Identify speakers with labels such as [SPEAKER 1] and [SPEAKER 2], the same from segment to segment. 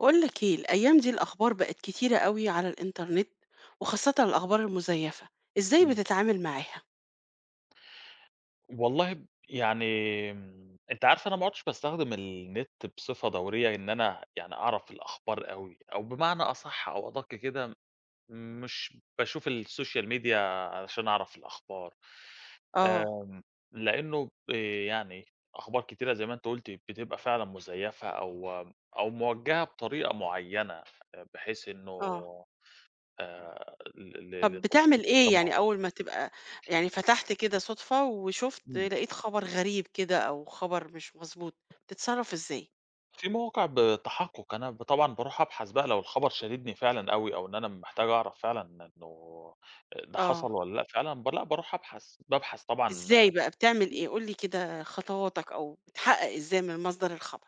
[SPEAKER 1] أقول لك إيه، الأيام دي الأخبار بقِت كتيرة أوي على الإنترنت، وخاصةً الأخبار المزيّفة، إزاي
[SPEAKER 2] امم.
[SPEAKER 1] بتتعامل معاها؟
[SPEAKER 2] والله ب يعني م أنتِ عارفة أنا ما عدتش باستخدم النت بصفة دورية إن أنا يعني أعرف الأخبار أوي، أو بمعنى أصح أو أدق كده م مش باشوف الSocial media علشان أعرف الأخبار،
[SPEAKER 1] آه.
[SPEAKER 2] آمم لإنه ب يعني أخبار كتيرة زي ما أنتِ قلتِ بتبقى فعلًا مزيفة أو أو موجهة بطريقة معيّنة بحيث إنه
[SPEAKER 1] آه.
[SPEAKER 2] آآ ل ل
[SPEAKER 1] طب
[SPEAKER 2] لتوصيل
[SPEAKER 1] بتعمل
[SPEAKER 2] فكرة
[SPEAKER 1] إيه يعني
[SPEAKER 2] معيّنة.
[SPEAKER 1] أول ما تبقى يعني فتحت كده صدفة وشُفت
[SPEAKER 2] امم.
[SPEAKER 1] لقيت خبر غريب كده أو خبر مش مضبوط، بتتصرّف إزاي؟
[SPEAKER 2] في مواقع بتحقُق أنا ب طبعًا باروح أبحث بقى لو الخبر شاددني فعلًا أوي أو إن أنا محتاج أعرف فعلًا إنه آآ ده حصل
[SPEAKER 1] آه.
[SPEAKER 2] والّا لأ فعلًا ب لأ باروح أبحث، بابحث طبعًا
[SPEAKER 1] إزاي بقى بتعمل إيه؟ قُل لي كده خطواتك أو بتحقق إزاي من مصدر الخبر؟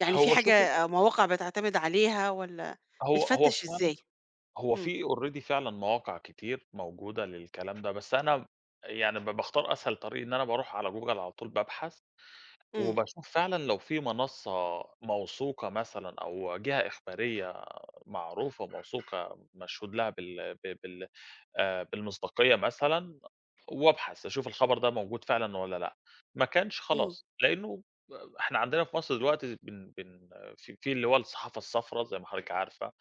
[SPEAKER 1] يعني في
[SPEAKER 2] هو شوفي
[SPEAKER 1] حاجة مواقع بتعتمد عليها والّا
[SPEAKER 2] هو هو
[SPEAKER 1] بتفتش
[SPEAKER 2] فعلًا
[SPEAKER 1] إزاي؟
[SPEAKER 2] هو
[SPEAKER 1] امم.
[SPEAKER 2] في already فعلًا مواقع كتير موجودة للكلام ده، بس أنا يعني ب باختار أسهل طريق إن أنا باروح على Google على طول بابحث،
[SPEAKER 1] إمم.
[SPEAKER 2] وباشوف فعلًا لو في منصّة موثوقة مثلًا أو جهة إخبارية معروفة وموثوقة مشهود لها بال ب بال آآ بالمصداقية مثلًا وأبحث أشوف الخبر ده موجود فعلًا والّا لأ، ما كانش
[SPEAKER 1] إمم.
[SPEAKER 2] خلاص لإنه إحنا عندنا في مصر دلوقتي بن بن في في اللي هو الصحافة الصفرا زي ما حضرتِك عارفة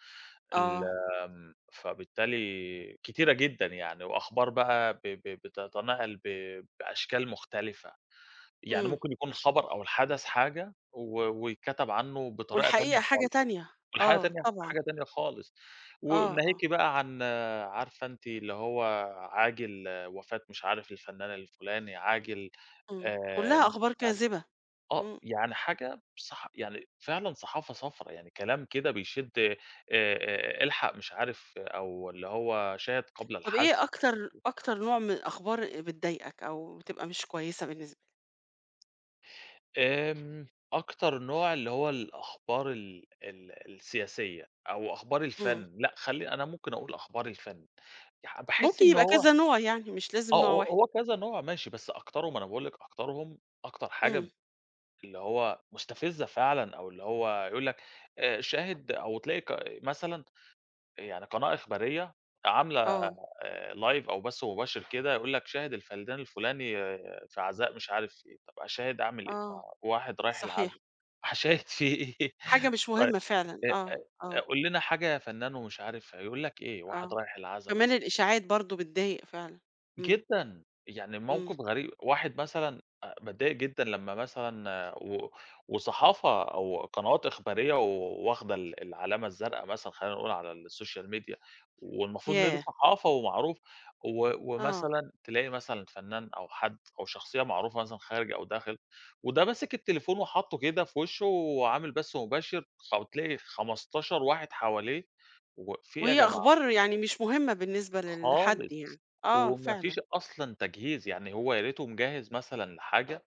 [SPEAKER 2] ال
[SPEAKER 1] آه.
[SPEAKER 2] آمم، فبالتالي كتيرة جدًا يعني، وأخبار بقى ب ب بتتنقل ب بأشكال مختلفة، يعني
[SPEAKER 1] إمم.
[SPEAKER 2] ممكن يكون الخبر أو الحدث حاجة و ويتكتب عنه بطريقة تانية
[SPEAKER 1] والحقيقة حاجة
[SPEAKER 2] خالص،
[SPEAKER 1] تانية،
[SPEAKER 2] والحاجة
[SPEAKER 1] آه
[SPEAKER 2] تانية
[SPEAKER 1] طبعًا.
[SPEAKER 2] حاجة تانية خالص،
[SPEAKER 1] آه، آه.
[SPEAKER 2] وناهيكِ بقى عن عارفة أنتِ اللي هو عاجل وفاة مش عارف الفنان الفلاني، عاجل
[SPEAKER 1] إمم،
[SPEAKER 2] آآ
[SPEAKER 1] كلّها
[SPEAKER 2] مش عارف
[SPEAKER 1] أخبار كاذبة،
[SPEAKER 2] آه،
[SPEAKER 1] إمم.
[SPEAKER 2] يعني حاجة صح يعني فعلًا صحافة صفرا يعني كلام كده بيشد، آآ آآ الحق مش عارف أو اللي هو شاهد قبل
[SPEAKER 1] طب
[SPEAKER 2] الحذف.
[SPEAKER 1] إيه أكتر
[SPEAKER 2] [unintelligible]
[SPEAKER 1] أكتر نوع من الأخبار بتضايقك؟ أو بتبقى مش كويسة بالنس
[SPEAKER 2] آمم، أكتر نوع اللي هو الأخبار ال ال السياسية، أو أخبار
[SPEAKER 1] امم.
[SPEAKER 2] الفن، لأ خلّي أنا ممكن أقول أخبار الفن ي باحس
[SPEAKER 1] ممكن
[SPEAKER 2] إن
[SPEAKER 1] يبقى
[SPEAKER 2] هو
[SPEAKER 1] كذا نوع يعني، مش
[SPEAKER 2] آه،
[SPEAKER 1] لازم نوع
[SPEAKER 2] هو
[SPEAKER 1] واحد.
[SPEAKER 2] هو كذا نوع ماشي، بس أكترهم أنا باقول لكِ أكترهم، أكتر
[SPEAKER 1] امم.
[SPEAKER 2] حاجة اللي هو مستفزة فعلًا أو اللي هو يقول لك آآ، شاهد أو تلاقي ق مثلًا يعني قناة إخبارية عاملة
[SPEAKER 1] آه.
[SPEAKER 2] آآ، live أو بث مباشر كده، يقول لك شاهد الفنان الفلاني في عزاء مش عارف إيه، طَب أشاهد أعمل إيه؟ ما
[SPEAKER 1] آه،
[SPEAKER 2] واحد رايح العزا
[SPEAKER 1] صحيح.
[SPEAKER 2] هاشاهد في إيه
[SPEAKER 1] حاجة مش
[SPEAKER 2] طيب
[SPEAKER 1] مهمة فعلًا
[SPEAKER 2] إ
[SPEAKER 1] آه،
[SPEAKER 2] إ
[SPEAKER 1] آه.
[SPEAKER 2] "قُل لنا حاجة يا فنان" ومش عارف هيقول لك إيه؟ واحد
[SPEAKER 1] آه،
[SPEAKER 2] رايح العزا
[SPEAKER 1] كمان
[SPEAKER 2] مثلًا.
[SPEAKER 1] الإشاعات برضه بتضايق فعلًا، امم.
[SPEAKER 2] جدًا، يعني
[SPEAKER 1] امم.
[SPEAKER 2] الموقف غري واحد مثلًا أ باتضايق جدًا لمّا مثلًا و وصحافة وقنوات إخبارية و واخدة ال العلامة الزرقا مثلًا خلّينا نقول على السوشيال ميديا والمفروض إن دي
[SPEAKER 1] ياه!
[SPEAKER 2] صحافة ومعروف و
[SPEAKER 1] آه.
[SPEAKER 2] ومثلًا تلاقي مثلًا فنان أو حد أو شخصية معروفة مثلًا خارج أو داخل، وده ماسك التليفون وحاطّه كده في وشُّه وعامل بث مباشر فبتلاقي 15 واحد حواليه واقف في إيه يا
[SPEAKER 1] وهي
[SPEAKER 2] جماعة؟
[SPEAKER 1] أخبار يعني مش مهمة بالنسبة للحد
[SPEAKER 2] خالص،
[SPEAKER 1] يعني، آه
[SPEAKER 2] وما
[SPEAKER 1] فعلًا.
[SPEAKER 2] فيش أصلًا تجهيز، يعني هو يا ريتُه مجهّز مثلًا لحاجة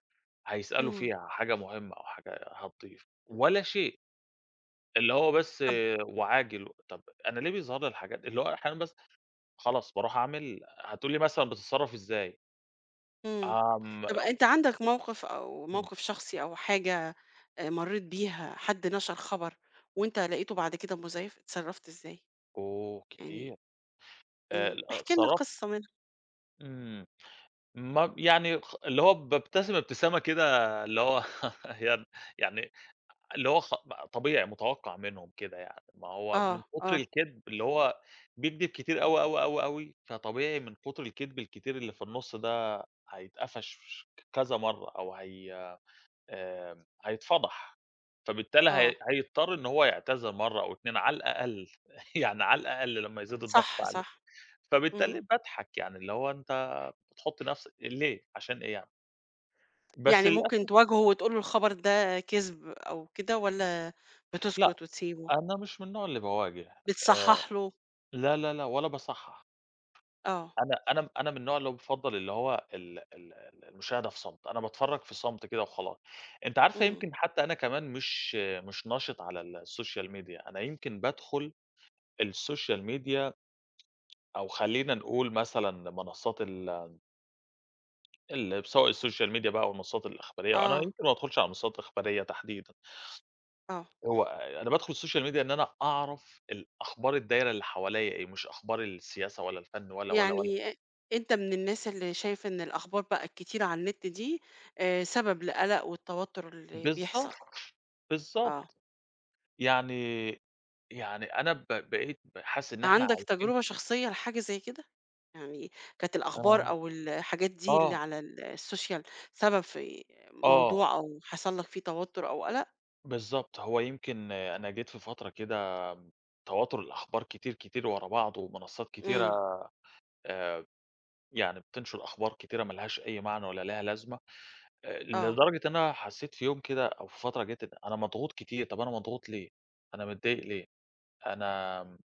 [SPEAKER 2] هيسأله
[SPEAKER 1] امم.
[SPEAKER 2] فيها حاجة مهمة أو حاجة هتضيف، ولا شيء، اللي هو بس
[SPEAKER 1] طَب
[SPEAKER 2] وعاجل، طَب أنا ليه بيظهر لي الحاجات اللي هو أحيانًا بس خلاص بارُوح أعمل هتقول لي مثلًا بتتصرّف إزاي؟
[SPEAKER 1] امم،
[SPEAKER 2] آه،
[SPEAKER 1] طَب
[SPEAKER 2] امم
[SPEAKER 1] أنت عندك موقف أو
[SPEAKER 2] امم.
[SPEAKER 1] موقف شخصي أو حاجة آآ مرّيت بيها حد نَشَر خبر، وأنت لقيتُه بعد كده مزيّف، اتصرّفت إزاي؟
[SPEAKER 2] أوه!
[SPEAKER 1] يعني
[SPEAKER 2] كتير آآ،
[SPEAKER 1] امم، احكِ لنا
[SPEAKER 2] اتصرّف
[SPEAKER 1] قصّة منهم.
[SPEAKER 2] امم، ما يعني خ اللي هو بابتسم ابتسامة كده اللي هو يالّا يعني اللي هو خ طبيعي مُتوقّع منهم كده يعني، ما هو من
[SPEAKER 1] آه،
[SPEAKER 2] كُتر
[SPEAKER 1] آه.
[SPEAKER 2] الكدب اللي هو بيكدب كتير أوي، أوي، أوي، أوي فطبيعي من كُتر الكدب الكتير اللي في النُصّ ده هيتقفش كذا مرّه أو هي آآ، هيتفضح، فبالتالي
[SPEAKER 1] آه.
[SPEAKER 2] هي هيضطر إن هو يعتذر مرّه أو 2 على الأقل، يعني على الأقل لمّا يزيد الضغط
[SPEAKER 1] صح،
[SPEAKER 2] عليه،
[SPEAKER 1] صح،
[SPEAKER 2] فبالتالي
[SPEAKER 1] امم.
[SPEAKER 2] باضحك يعني اللي هو أنت بتحُطّ نفسك ليه عشان إيه يعني؟ بس
[SPEAKER 1] يعني ممكن
[SPEAKER 2] للأسف
[SPEAKER 1] تواجهُه وتقول له الخبر ده كذب أو كده، والَّا
[SPEAKER 2] لأ،
[SPEAKER 1] بتسكت وتسيبُه؟
[SPEAKER 2] أنا مش من النوع اللي باواجه آآ،
[SPEAKER 1] بتصحَّح له.
[SPEAKER 2] لا، لا، لا، ولا باصحّح.
[SPEAKER 1] آه.
[SPEAKER 2] أنا، أنا، أنا من النوع اللي هو بيفضَّل اللي هو ال ال ال المشاهدة في صمت، أنا باتفرّج في صمت كده وخلاص، أنتِ عارفة
[SPEAKER 1] امم.
[SPEAKER 2] يمكن حتى أنا كمان مش، مش نَشِط على السوشيال ميديا أنا يمكن بادخل السوشيال ميديا أو خلّينا نقول مثلًا منصات ال ال بسواء الsocial media بقى أو المنصات الإخبارية، أنا
[SPEAKER 1] آه.
[SPEAKER 2] يمكن ما بادخُلش على منصات إخبارية تحديدًا
[SPEAKER 1] آه.
[SPEAKER 2] هو أ أنا بادخُل الsocial media إن أنا أعرف الأخبار الدايرة اللي حواليّا إيه، مش أخبار السياسة ولا الفن ولا، ولا، ولا.
[SPEAKER 1] يعني أ أنت من الناس اللي شايف إن الأخبار بقى الكتيرة على النت دي آآ، سبب القَلَق والتوتر اللي
[SPEAKER 2] بالضبط،
[SPEAKER 1] بيحصل. آه.
[SPEAKER 2] بالضبط، يعني، يعني أنا ب بقيت ب حاسس إن إحنا
[SPEAKER 1] عندك
[SPEAKER 2] عايشين
[SPEAKER 1] تجربة شخصية لحاجة زي كده؟ يعني كانت الأخبار
[SPEAKER 2] آه،
[SPEAKER 1] أو الحاجات دي اللي
[SPEAKER 2] آه.
[SPEAKER 1] على ال الsocial سبب في
[SPEAKER 2] آه.
[SPEAKER 1] موضوع أو حصل لك فيه توتّر أو قَلَق؟
[SPEAKER 2] بالضبط، هو يمكن أنا جيت في فترة كده م تواتر الأخبار كتير، كتير ورا بعض ومنصات كتيرة
[SPEAKER 1] إمم.
[SPEAKER 2] آآ، آآ، ب يعني بتنشُر أخبار كتيرة ما لهاش أي معنى ولا ليها لازمة آآ،
[SPEAKER 1] آه.
[SPEAKER 2] لدرجة إن أنا حسّيت في يوم كده أو في فترة جَت إن أنا مضغوط كتير، طَب أنا مضغوط ليه؟ أنا متضايق ليه؟ أنا م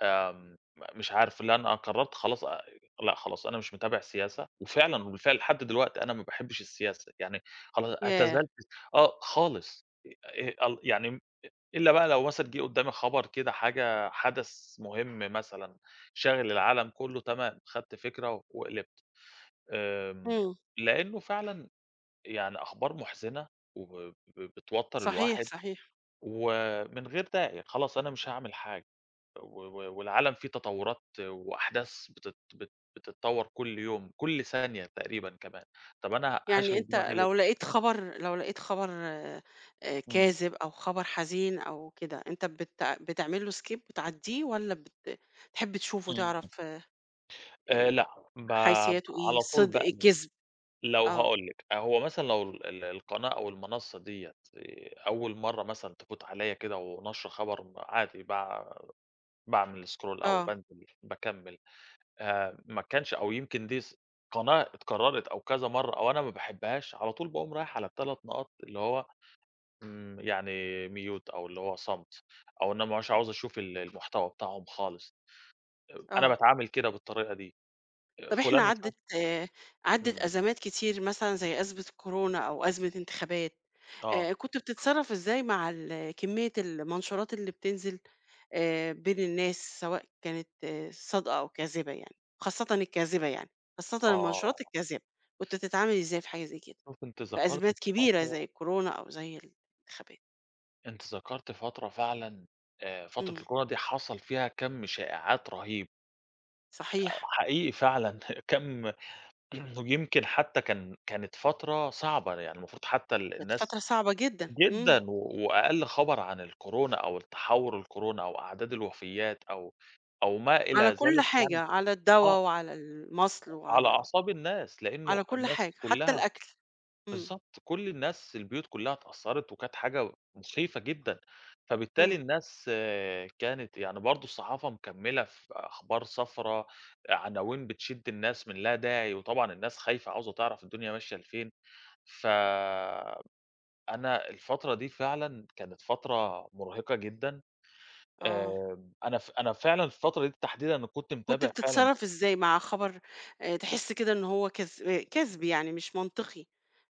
[SPEAKER 2] آمم م مش عارف لأ أنا قرّرت خلاص آآ، آآ لأ، خلاص أنا مش متابع السياسة وفعلًا وبالفعل لحد دلوقت أنا ما باحبش السياسة، يعني خلا
[SPEAKER 1] ياه!
[SPEAKER 2] اعتزلت آه، خالص آآ، آآ إيه ال يعني [unintelligible] إلّا بقى لو مثلًا جه قُدّامِي خبر كده حاجة حَدَث مهم مثلًا، شاغل العالم كلّه تمام، خدت فكرة و وقلبت، آمم
[SPEAKER 1] همم.
[SPEAKER 2] لإنه فعلًا آآ، يعني أخبار مُحزِنة وب ب بتوتّر
[SPEAKER 1] صحيح،
[SPEAKER 2] الواحد،
[SPEAKER 1] صحيح.
[SPEAKER 2] و من غير داعي خلاص أنا مش هاعمل حاجة، و و والعالم في تطورات وأحداث بتت بت بتتطوّر كُلّ يوم، كُلّ ثانية تقريبًا كمان، طَب أنا هاشغل
[SPEAKER 1] يعني أنت
[SPEAKER 2] دماغي ليه؟
[SPEAKER 1] لو لقيت خَبَر، لو لقيت خَبَر آآ،
[SPEAKER 2] إمم.
[SPEAKER 1] كاذب أو خبر حزين أو كده أنت بتع بتعمل له skip بتعدّيه، والَّا بت بتحب تشوف
[SPEAKER 2] إمم.
[SPEAKER 1] وتعرف آآ،
[SPEAKER 2] آآ، لأ، باب
[SPEAKER 1] حيثياتُه إيه
[SPEAKER 2] على طول
[SPEAKER 1] صدق،
[SPEAKER 2] باقلب،
[SPEAKER 1] كذب؟
[SPEAKER 2] لو
[SPEAKER 1] آه.
[SPEAKER 2] هاقول لِك آآ، هو مثلًا لو ال ال القناة أو المنصّة دِيَّة آآ، أول مَرّه مثلًا تفوت عليَّ كده وناشرة خبر م عادي باع باعمل scroll أو
[SPEAKER 1] آه.
[SPEAKER 2] بانزل باكمّل آآ، ما كانش أو يمكن دي ز قناة اتكرّرت أو كذا مَرّه أو أنا ما باحبهاش، على طول باقوم رايح على ال3 نقط اللي هو إمم، يعني mute أو اللي هو صمت، أو إن أنا ما بابقاش عاوز أشوف ال المحتوى بتاعهم خالص أ أنا
[SPEAKER 1] آه.
[SPEAKER 2] باتعامل كده بالطريقة دي آآ،
[SPEAKER 1] طَب
[SPEAKER 2] فلان
[SPEAKER 1] إحنا
[SPEAKER 2] مش
[SPEAKER 1] عدِّت، آآ، عدِّت
[SPEAKER 2] إمم.
[SPEAKER 1] أزمات كتير مثلًا زي أزمة الكورونا أو أزمة إنتخابات
[SPEAKER 2] آه.
[SPEAKER 1] آآ، كنت بتتصرّف إزاي مع ال كمّية المنشورات اللي بتنزل آآ، بين الناس سواء كانت صادقة أو كاذبة يعني، خاصةً الكاذبة يعني، خاصةً المنشورات
[SPEAKER 2] آه.
[SPEAKER 1] الكاذبة، كنت بتتعامل إزاي في حاجة زي كده؟
[SPEAKER 2] شُفتِ أنتِ
[SPEAKER 1] في
[SPEAKER 2] ذكرتِ
[SPEAKER 1] أزمات كبيرة
[SPEAKER 2] فترة
[SPEAKER 1] زي الكورونا أو زي الإنتخابات؟
[SPEAKER 2] أنتِ ذكرتِ فترة فعلًا، آآ فترة
[SPEAKER 1] امم.
[SPEAKER 2] الكورونا دي حصَل فيها كم شائعات رهيب. آآ
[SPEAKER 1] صحيح.
[SPEAKER 2] حقيقي فعلًا كَم يمكن حتى كان كانت فترة صعبة يعني المفروض حتى ال
[SPEAKER 1] كانت
[SPEAKER 2] الناس
[SPEAKER 1] فترة صعبة جدًا، امم.
[SPEAKER 2] جدًا و وأقل خبر عن الكورونا أو التحوُّر الكورونا أو أعداد الوفيّات أو أو ما إلى
[SPEAKER 1] على كل
[SPEAKER 2] ذلك
[SPEAKER 1] حاجة،
[SPEAKER 2] يعني
[SPEAKER 1] على الدوا
[SPEAKER 2] آه.
[SPEAKER 1] وعلى المصْل
[SPEAKER 2] على
[SPEAKER 1] وعلى ال
[SPEAKER 2] أعصاب الناس، لأنه
[SPEAKER 1] على كل
[SPEAKER 2] الناس
[SPEAKER 1] حاجة حتى
[SPEAKER 2] كلّها
[SPEAKER 1] الأكل، امم.
[SPEAKER 2] بالضبط، كل الناس، البيوت كلّها اتأثّرِت وكانت حاجة مُخيفة جدًا، فبالتالي
[SPEAKER 1] امم.
[SPEAKER 2] الناس كانت يعني برضه الصحافة مكمّلة في أخبار صفرا، عناوين بتشد الناس من لا داعي وطبعًا الناس خايفة عاوزة تعرف الدنيا ماشية لفين، ف أنا الفترة دي فعلًا كانت فترة مُرهِقة جدًا،
[SPEAKER 1] آه.
[SPEAKER 2] آآ، أنا ف أنا فعلًا الفترة دي تحديدًا أنا كُنت
[SPEAKER 1] كنت
[SPEAKER 2] متابع فعلًا
[SPEAKER 1] بتتصرّف إزاي مع خبر آآ، تحس كده إن هو كذ كذب يعني مش منطقي،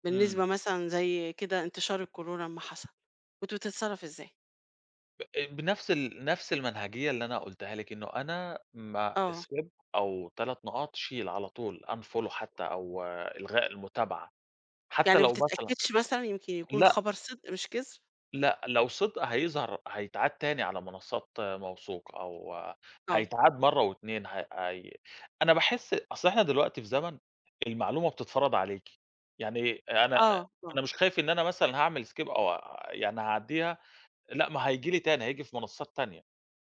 [SPEAKER 1] بالنسبة
[SPEAKER 2] امم.
[SPEAKER 1] مثلًا زي كده انتشار الكورونا لمّا حصَل، كنت بتتصرّف إزاي؟
[SPEAKER 2] ب بنَفْس ال نَفْس المنهجية اللي أنا قُلتها لِك، إنه أنا م
[SPEAKER 1] آه.
[SPEAKER 2] Skip أو 3 نقاط، شيل على طول unfollow حتى أو إلغاء المتابعة حتى
[SPEAKER 1] يعني ما
[SPEAKER 2] لو مثلًا
[SPEAKER 1] بتتأكّدش مثلًا يمكن يكون
[SPEAKER 2] لأ
[SPEAKER 1] الخبر صِدق مش كِذب؟
[SPEAKER 2] لأ لو صِدق هيظهر هيتعاد تاني على منصّات موثوقة أو
[SPEAKER 1] آه.
[SPEAKER 2] هيتعاد مرّة و2 ه هي أنا باحس أصل إحنا دلوقتي في زمن المعلومة بتتفرَض عليكِ، يعني أنا
[SPEAKER 1] آه، آه.
[SPEAKER 2] أنا مش خايف إن أنا مثلًا هاعمل Skip أو يعني هاعدّيها، لأ ما هييجي لي تاني، هييجي في منصّات تانية،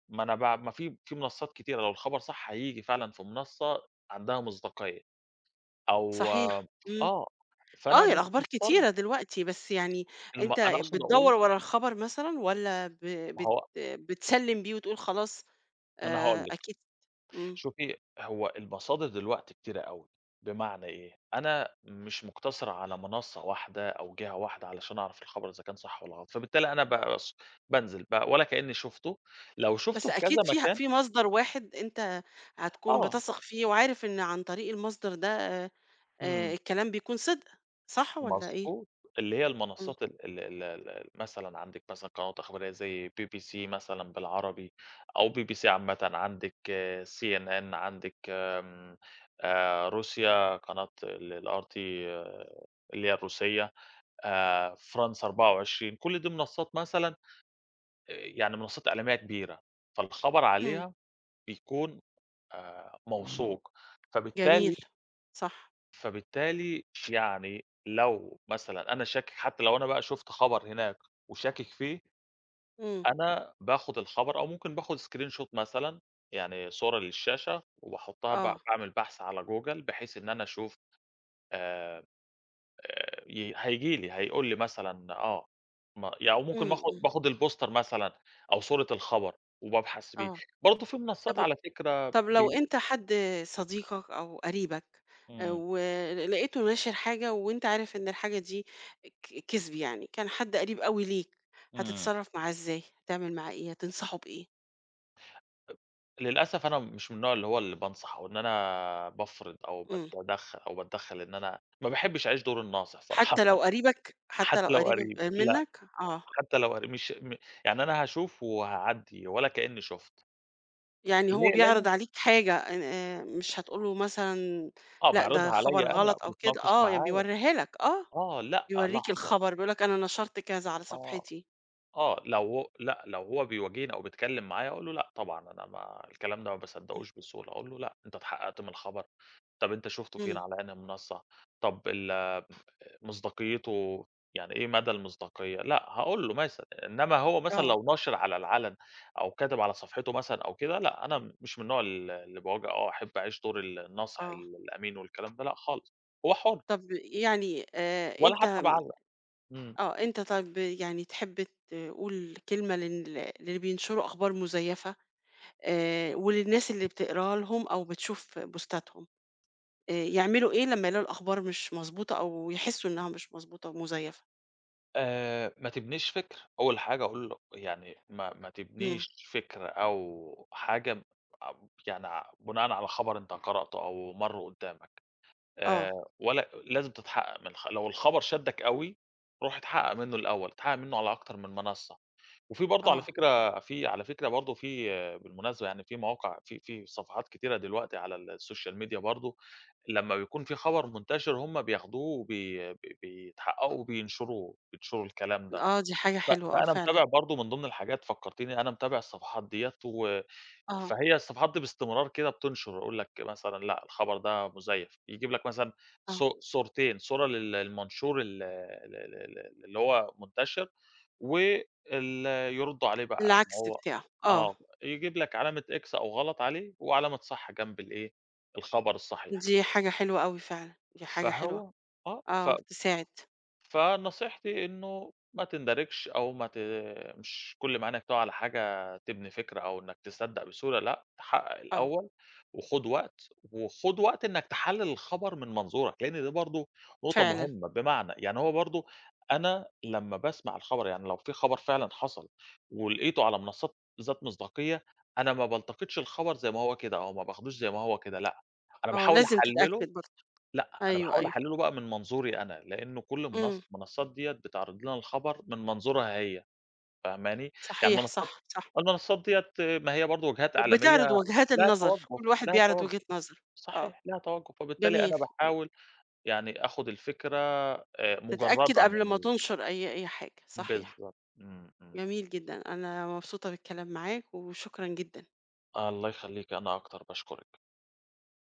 [SPEAKER 2] ما أنا ب ما في في منصّات كتيرة لو الخبر صح هييجي فعلًا في منصّة عندها مصداقية، أو
[SPEAKER 1] صحيح، امم،
[SPEAKER 2] آه، فأنا
[SPEAKER 1] آه هي
[SPEAKER 2] مش
[SPEAKER 1] الأخبار
[SPEAKER 2] مضطر
[SPEAKER 1] كتيرة دلوقتي، بس يعني
[SPEAKER 2] الم
[SPEAKER 1] أنت
[SPEAKER 2] أنا أقصُد
[SPEAKER 1] بتدوّر
[SPEAKER 2] أقول
[SPEAKER 1] ورا الخبر مثلًا والّا ب
[SPEAKER 2] ما
[SPEAKER 1] بت
[SPEAKER 2] هو
[SPEAKER 1] بتسلّم بيه وتقول خلاص
[SPEAKER 2] ما أنا هاقول
[SPEAKER 1] آآ،
[SPEAKER 2] لكِ،
[SPEAKER 1] أكيد امم.
[SPEAKER 2] شوفي هو المصادر دلوقتي كتيرة أوي، بمعنى إيه، أنا مش مقتصِر على منصّة واحدة أو جِهة واحدة علشان أعرف الخبر إذا كان صح والّا غلط، فبالتالي أنا بقى ص بانزِل بقى ولا كأنّي شُفته، لو شُفته
[SPEAKER 1] بس
[SPEAKER 2] في
[SPEAKER 1] أكيد
[SPEAKER 2] كذا
[SPEAKER 1] فيها
[SPEAKER 2] مكان
[SPEAKER 1] في مصدر واحد أنت هتكون
[SPEAKER 2] آه.
[SPEAKER 1] بتثق فيه وعارف إن عن طريق المصدر ده آآ، آآ
[SPEAKER 2] امم.
[SPEAKER 1] الكلام بيكون صِدق، صح والّا إيه؟
[SPEAKER 2] مضبوط، اللي هي
[SPEAKER 1] امم.
[SPEAKER 2] المنصّات ال ال ال ال مثلًا عندِك مثلًا قنوات إخبارية زي BBC مثلًا بالعربي أو BBC عامةً، عندِك CNN، عندِك آمم، آآ، روسيا قناة ال الRT اللي هي الروسية آآ، France 24، كل دي منصّات مثلًا آآ، يعني منصّات إعلامية كبيرة، فالخبر
[SPEAKER 1] امم.
[SPEAKER 2] عليها بيكون آآ موثوق فبالتالي
[SPEAKER 1] جميل، صح.
[SPEAKER 2] فبالتالي يعني لو مثلًا أنا شاكك حتى لو أنا بقى شُفت خبر هناك وشاكك فيه
[SPEAKER 1] امم.
[SPEAKER 2] أنا باخُد الخبر أو ممكن باخُد screenshot مثلًا يعني صورة للشاشة وباحطّها ب
[SPEAKER 1] آه
[SPEAKER 2] باعمل بحث على Google بحيث إن أنا أشوف آآ، آآ ي هييجي لي هيقول لي مثلًا، آه م يعني أو ممكن
[SPEAKER 1] امم،
[SPEAKER 2] باخُد-
[SPEAKER 1] امم.
[SPEAKER 2] باخُد البوستر مثلًا أو صورة الخبر وبابحث بيه.
[SPEAKER 1] آه،
[SPEAKER 2] برضه في منصّات،
[SPEAKER 1] طَب
[SPEAKER 2] على فكرة
[SPEAKER 1] طَب لو
[SPEAKER 2] بي
[SPEAKER 1] أنت حد صديقك أو قريبك آآ،
[SPEAKER 2] امم.
[SPEAKER 1] ول لقيته ناشر حاجة وأنت عارف إن الحاجة دي ك كِذب يعني، كان حد قريب أوي ليك
[SPEAKER 2] امم.
[SPEAKER 1] هتتصرّف معاه إزاي، هتعمل معاه إيه، هتنصحه بإيه؟
[SPEAKER 2] للأسف أنا مش من النوع اللي هو اللي بانصح وإن أنا بافرِض أو
[SPEAKER 1] إمم.
[SPEAKER 2] باتَدَخّل أو باتدَّخل إن أنا ما باحبش أعيش دور الناصح صراحًة
[SPEAKER 1] حتى لو قريبك؟ حتى لو
[SPEAKER 2] حتى لو
[SPEAKER 1] قَريب م
[SPEAKER 2] قريب، لأ،
[SPEAKER 1] منك؟ آه.
[SPEAKER 2] حتى لو قريب مش م يعني أنا هاشوف وهاعدِّي ولا كأنّي شُفت.
[SPEAKER 1] يعني هو
[SPEAKER 2] ليه
[SPEAKER 1] بيعرض
[SPEAKER 2] [unintelligible]
[SPEAKER 1] عليك حاجة إن آآ، مش هتقول له مثلًا
[SPEAKER 2] آه،
[SPEAKER 1] لأ ده
[SPEAKER 2] بيعرضها
[SPEAKER 1] خبر
[SPEAKER 2] عليَّ أنا
[SPEAKER 1] غلط أو كده؟
[SPEAKER 2] بيتناقش
[SPEAKER 1] آه ي
[SPEAKER 2] معايا،
[SPEAKER 1] بيورّيها لك آه،
[SPEAKER 2] آه لأ،
[SPEAKER 1] بيورّيك
[SPEAKER 2] لحظة.
[SPEAKER 1] الخبر، بيقول لك أنا نَشَرت كذا على
[SPEAKER 2] آه،
[SPEAKER 1] صفحتي.
[SPEAKER 2] آه، لو هو لأ لو هو بيواجهني أو بيتكلم معايا أقول له لأ طبعًا أنا ما الكلام ده ما
[SPEAKER 1] اهم.
[SPEAKER 2] باصدقوش بِسهوله، أقول له لأ، أنت اتحقّقت من الخَبَر؟ طَب أنت شُفتُه فين
[SPEAKER 1] إمم.
[SPEAKER 2] على أنهي منصة؟ طَب ال مصداقيته يعني إيه مدى المصداقية؟ لأ، هاقول له. [unintelligible] إنّما هو مثلًا
[SPEAKER 1] آه.
[SPEAKER 2] لو ناشر على العَلَن، أو كاتب على صفحته مثلًا أو كده، لأ أنا مش من النوع ال اللي بَاواجِه أو أحب أعيش دور ال النَاصح
[SPEAKER 1] آه.
[SPEAKER 2] الأمين والكلام ده لأ خالص، هو حُرّ.
[SPEAKER 1] طَب يعني آآ،
[SPEAKER 2] ولا
[SPEAKER 1] أنت
[SPEAKER 2] حتى باعلَّق، إمم.
[SPEAKER 1] آه أنت طَب يعني تحب تقول كلمة لل للي بينشروا أخبار مُزيفة آآ، وللناس اللي بتقراها لهم أو بتشوف بوستَاتْهم، آآ، يعملوا إيه لمّا يلاقوا الأخبار مش مضبوطة أو يحسوا إنها مش مضبوطة ومزيفة؟
[SPEAKER 2] آآ، "ما تِبنيش فِكر" أول حاجة أقول له يعني "ما ما
[SPEAKER 1] امم.
[SPEAKER 2] تِبنيش فِكْرة أو حاجة ما ب يعني ع بِناءً على خَبَر أنت قَرِأتُه أو مَرّ قُدَّامَك. آآ،
[SPEAKER 1] آه.
[SPEAKER 2] ولا لازم تِتَحَقَّق من الخب لو الخَبَر شَدَّك أوي، روح اتْحَقَّق منه الأول، اتحقق منه على أكتر من مَنَصَّة." وفي برضه على
[SPEAKER 1] آه.
[SPEAKER 2] فكرة، في على فكرة برضه في، بالمناسبة يعني، في مواقع في في صَفَحات كتيرة دلوقتي على الSocial Media برضه لمّا بيكون في خبر مُنتشر هُم بِيَاخُدوه وبي ب بِيِتَحَقَّقوا وبِيِنشُروه، بِيِنشُروا الكلام ده.
[SPEAKER 1] آه، دي حاجة
[SPEAKER 2] ف
[SPEAKER 1] حلوة، آه،
[SPEAKER 2] فأنا
[SPEAKER 1] فعلًا.
[SPEAKER 2] متابع برضه من ضمن الحاجات فكّرتيني أنا متابع الصفحات ديّة و
[SPEAKER 1] آه.
[SPEAKER 2] فهي الصفحات دي باستمرار كده بِتُنْشر، أقول لك مثلًا "لأ، الخبر ده مُزَيَّف." يجيب لك مثلًا
[SPEAKER 1] آه.
[SPEAKER 2] صو صورتين: صورة للمنشور ال آآ، ال ال ال اللي هو المُنتَشِر و ال يردوا عليه بقى إن
[SPEAKER 1] العكس
[SPEAKER 2] هو
[SPEAKER 1] بتاعه، آه.
[SPEAKER 2] آه، يجيب لك علامة x أو غلط عليه وعلامة صح جنب الإيه، الخبر الصَّحيح.
[SPEAKER 1] دي حاجة حلوة أوي فعلًا، دي حاجة حلوة.
[SPEAKER 2] فهو آه، ف
[SPEAKER 1] آه، تساعد.
[SPEAKER 2] فنصيحتي إنه "ما تِندَرِجش، أو ما ت مش كل ما عَيْنَك تُقَع على حاجة تبني فِكْرة أو إنك تصدق بسهولة. لأ، تَحَقَّق
[SPEAKER 1] آه.
[SPEAKER 2] الأول وخُد وقت، وخُد وقت إنك تحَلِّل الخَبَر من منظورك." لإن ده برضه نقطة
[SPEAKER 1] فعلًا.
[SPEAKER 2] مهمة. بمعنى، يعني هو برضه أنا لمّا باسمع الخبر، يعني لو في خبر فعلًا حصل ولقيته على منصات ذات مصداقية، أنا ما بالتقطش الخبر زي ما هو كده أو ما باخدوش زي ما هو كده. لأ، أنا
[SPEAKER 1] آه،
[SPEAKER 2] باحاول
[SPEAKER 1] لازم
[SPEAKER 2] أحَلِّله
[SPEAKER 1] تتأكد برضه.
[SPEAKER 2] لأ، أنا
[SPEAKER 1] أيوه،
[SPEAKER 2] باحاول
[SPEAKER 1] أيوه.
[SPEAKER 2] أحَلِّله بقى من منظوري أنا لأنه كل
[SPEAKER 1] امم.
[SPEAKER 2] منص منصات ديّة بتعرض لنا الخبر من منظورها هي، فاهماني؟ يعني
[SPEAKER 1] صحيح،
[SPEAKER 2] المنصات
[SPEAKER 1] صح، صح.
[SPEAKER 2] المنصات ديّة ما هي برضه وجهات إعلامية
[SPEAKER 1] وبتعرض وجهات
[SPEAKER 2] لها
[SPEAKER 1] النظر،
[SPEAKER 2] تَوَجُّه،
[SPEAKER 1] كل واحد
[SPEAKER 2] لها
[SPEAKER 1] بيعرض
[SPEAKER 2] تَوَجُّه
[SPEAKER 1] وجهة نظره، آه.
[SPEAKER 2] صحيح، لها تَوَجُّه فبالتالي
[SPEAKER 1] جميل.
[SPEAKER 2] أنا
[SPEAKER 1] [unintelligible]
[SPEAKER 2] باحاول يعني آخد الفكرة آآ
[SPEAKER 1] تتأكد
[SPEAKER 2] مُجَرَّدة
[SPEAKER 1] قبل
[SPEAKER 2] من
[SPEAKER 1] ما
[SPEAKER 2] ال
[SPEAKER 1] تنشر أي أي حاجة صحيح.
[SPEAKER 2] بالضبط، إمم. إمم.
[SPEAKER 1] جميل جدًا، أنا مبسوطة بالكلام معاك، وشكرًا جدًا.
[SPEAKER 2] الله يخليكِ، أنا أكتر. باشكرِك.